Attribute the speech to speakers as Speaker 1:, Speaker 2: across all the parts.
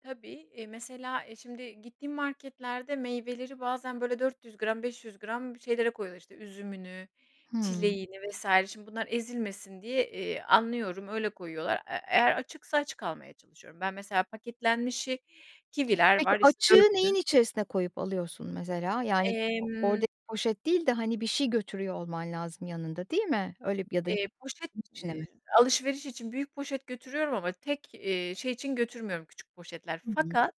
Speaker 1: Tabii, eee, mesela, eee, şimdi gittiğim marketlerde meyveleri bazen böyle 400 gram, 500 gram şeylere koyuyorlar işte üzümünü
Speaker 2: Hı.
Speaker 1: çileğini vs. şimdi bunlar ezilmesin diye, eee, anlıyorum öyle koyuyorlar. Eee, eee, eğer açıksa açık almaya çalışıyorum ben mesela paketlenmişi kiviler
Speaker 2: Peki
Speaker 1: var işte
Speaker 2: açığı neyin
Speaker 1: 4'lü
Speaker 2: içerisine koyup alıyorsun mesela? Yani o
Speaker 1: Emm.
Speaker 2: oradaki poşet değil de hani bir şey götürüyor olman lazım yanında değil mi? Öyle ya da
Speaker 1: Eee, poşet,
Speaker 2: içine mi?
Speaker 1: eee, alışverişi için büyük poşet götürüyorum ama tek, eee, şey için götürmüyorum küçük poşetler.
Speaker 2: Hı hı.
Speaker 1: Fakat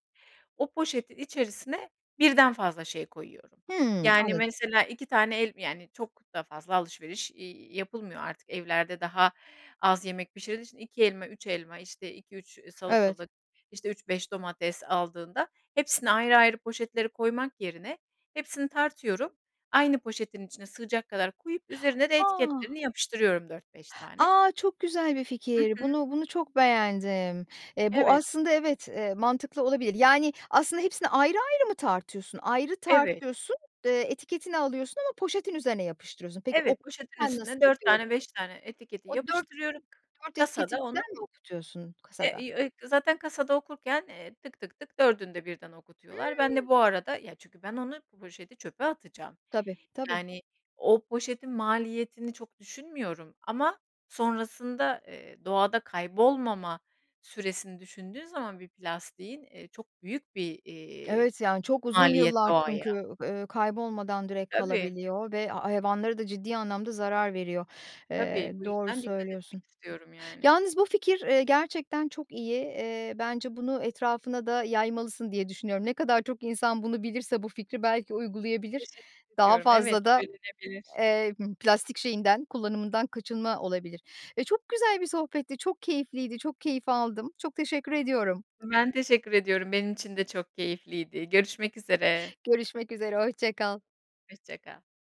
Speaker 1: o poşetin içerisine birden fazla şey koyuyorum.
Speaker 2: Hı,
Speaker 1: Yani
Speaker 2: anladım.
Speaker 1: mesela 2 tane el yani çok da fazla alışveriş, iii, yapılmıyor artık, evlerde daha az yemek pişirdiği için 2 elma 3 elma, işte 2-3
Speaker 2: Evet.
Speaker 1: salatalık, işte 3-5 domates aldığında hepsini ayrı ayrı poşetleri koymak yerine hepsini tartıyorum aynı poşetin içine sığacak kadar koyup üzerine de
Speaker 2: A.
Speaker 1: etiketlerini yapıştırıyorum 4-5 tane.
Speaker 2: A. Çok güzel bir
Speaker 1: Hı
Speaker 2: fikir.
Speaker 1: hı.
Speaker 2: Bunu bunu çok beğendim. Eee, bu
Speaker 1: Evet.
Speaker 2: aslında evet, eee, mantıklı olabilir. Yani aslında hepsini ayrı ayrı mı tartıyorsun? Ayrı
Speaker 1: Evet.
Speaker 2: tartıyorsun, eee, etiketini alıyorsun ama poşetin üzerine yapıştırıyorsun. Peki
Speaker 1: Evet. Poşetin
Speaker 2: okusan nasıl
Speaker 1: üstüne 4
Speaker 2: yapıyorsun?
Speaker 1: tane 5 tane etiketi
Speaker 2: O dört
Speaker 1: yapıştırıyorum.
Speaker 2: dört etiketi
Speaker 1: Kasada onu
Speaker 2: birden mi okutuyorsun
Speaker 1: Eee,
Speaker 2: kasada?
Speaker 1: iii, eee, kasada onu zaten kasada okurken, eee, tık, tık, tık 4'ünde birden
Speaker 2: Imm
Speaker 1: okutuyorlar. Ben de bu arada, ya, çünkü ben onu, bu poşeti çöpe atacağım.
Speaker 2: Tabii, tabii
Speaker 1: Yani o poşetin maliyetini çok düşünmüyorum ama sonrasında, eee, doğada kaybolmama süresini düşündüğün zaman bir plastiğin, eee, çok büyük bir, eee,
Speaker 2: Evet yani, çok uzun
Speaker 1: maliyet
Speaker 2: yıllar
Speaker 1: doğaya.
Speaker 2: çünkü, üüü, kaybolmadan direkt
Speaker 1: Tabii.
Speaker 2: kalabiliyor ve hayvanlara da ciddi anlamda zarar veriyor. Eee,
Speaker 1: Tabii bu
Speaker 2: doğru
Speaker 1: yüzden dikkat
Speaker 2: söylüyorsun.
Speaker 1: etmek istiyorum yani.
Speaker 2: Yalnız bu fikir, eee, gerçekten çok iyi, iii, bence bunu etrafına da yaymalısın diye düşünüyorum. Ne kadar çok insan bunu bilirse, bu fikri belki uygulayabilir.
Speaker 1: Teşekkür
Speaker 2: Daha
Speaker 1: ediyorum, evet
Speaker 2: fazla da,
Speaker 1: söylenebilir.
Speaker 2: eee, plastik şeyinden kullanımından kaçınma olabilir ve çok güzel bir sohbetti. E çok keyifliydi. Çok keyif aldım. Çok teşekkür ediyorum.
Speaker 1: Ben teşekkür ediyorum, benim için de çok keyifliydi. Görüşmek üzere.
Speaker 2: Görüşmek üzere, hoşça kal.
Speaker 1: Hoşça kal.